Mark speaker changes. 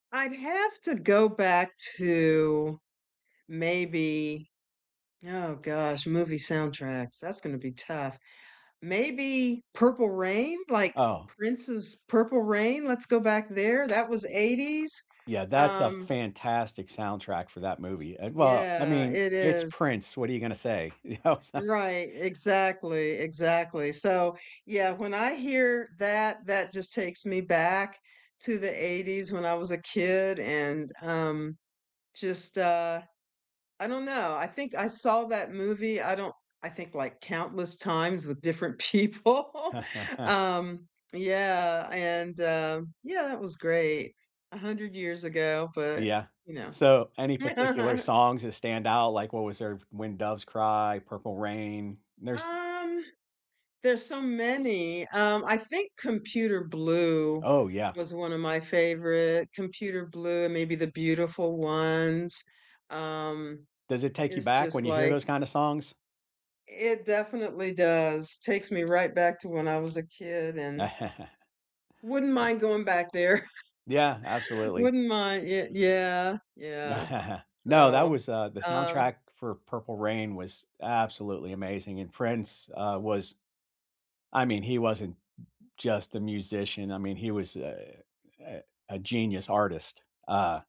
Speaker 1: I'd have to go back to maybe oh gosh, movie soundtracks, that's gonna be tough maybe Purple Rain, like,
Speaker 2: Oh.
Speaker 1: Prince's Purple Rain? Let's go back there. That was '80s,
Speaker 2: Yeah, that's a
Speaker 1: um
Speaker 2: fantastic soundtrack for that movie. Uh, well, I
Speaker 1: Yeah,
Speaker 2: mean,
Speaker 1: it
Speaker 2: it's
Speaker 1: is.
Speaker 2: Prince. What are you gonna say? You know it's a
Speaker 1: Right, exactly, exactly. So, yeah, when I hear that, that just takes me back to the '80s when I was a kid, and, um, just, uh I don't know. I think I saw that movie. I don't I think, like, countless times with different people. Um, yeah, and um yeah, it was great. 100 years ago, but,
Speaker 2: Yeah.
Speaker 1: you know.
Speaker 2: So, any particular songs that stand out, like, what was there? "When Doves Cry," "Purple Rain," nurse
Speaker 1: Um, there's so many. Um, I think Computer Blue
Speaker 2: Oh, yeah.
Speaker 1: was one of my favorite. Computer Blue, maybe The Beautiful Ones, um,
Speaker 2: Does it take you
Speaker 1: it's
Speaker 2: back
Speaker 1: just,
Speaker 2: when you hear
Speaker 1: like
Speaker 2: those kinda songs?
Speaker 1: It definitely does, takes me right back to when I was a kid, and wouldn't
Speaker 2: Yeah.
Speaker 1: mind going back there
Speaker 2: Yeah, absolutely.
Speaker 1: wouldn't min yea yeah. Yeah.
Speaker 2: No, that
Speaker 1: Oh,
Speaker 2: was, uh, the
Speaker 1: um
Speaker 2: soundtrack for Purple Rain was absolutely amazing, and Prince, uh, was I mean, he wasn't just a musician, I mean, he was a a a genius artist, uh